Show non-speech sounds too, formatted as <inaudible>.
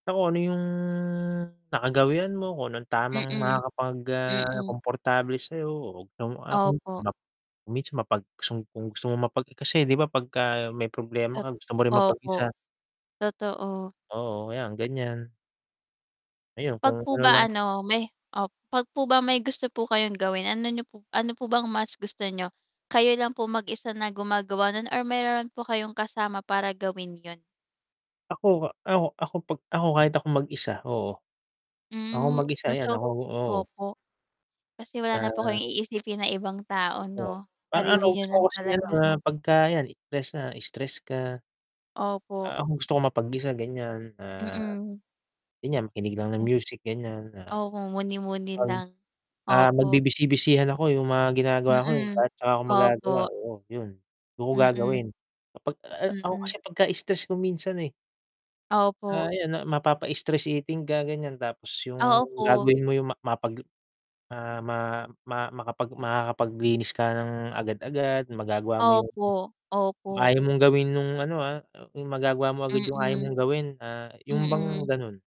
Ako, ano yung nakagawian mo kung anong tamang Mm, makakapag ah, mm. komportable sayo Opo. <unintelligible> mapag kung gusto mong mapag kasi, 'di ba, 'pagka may problema At ka, gusto mo rin opo, mapag-isa. totoo. Oo, ayan, ganyan. Ayun, 'Pag kung po ano ba, lang. ano, may, oh pag po ba may gusto po kayong gawin, ano niyo po ano po bang mas gusto niyo, kayo lang po mag-isa na gumagawa nun or meron po kayong kasama para gawin, 'yun? Ako e ako 'pag ako pag ako, kahit ako mag-isa oo, ako Hmm, mag-isa, mas 'yan, o ako oo. opo. Kasi wala na Ah. kayong iisipin na ibang tao, Oo, 'no, parang, ano, sarili niyo gusto ko lang kasing, ano, talaga. na 'pagka, 'yan, stress na stress ka. Opo. Ah, ako gusto kong mapag-isa, ganyan na Mm. 'yun nga, makinig lang ng Hm. music ganyan Opo, muni-muni <unintelligible> lang, ah, opo. magbi-busy-busyhan ako, 'yung mga ginagawa ko, eh, Mm, at tsaka ako magagawa opo. oo, 'yun dun ko Mm. gagawin, Kapag a a ako Mm. kasi pagka-stress ko minsan, eh Ah, Opo. ayan na mapapa-stress eating ka, ganyan, tapos Ah, yung opo. gagawin mo yung ma mapaglu ah ma ma makapag makakapaglinis ka ng agad-agad, magagawa mo yung Opo, opo. ayaw mong gawin nung, ano, ah, yung magagawa mo agad yung ayaw Mm. mong gawin, ah, yung bang, Mm. ganun.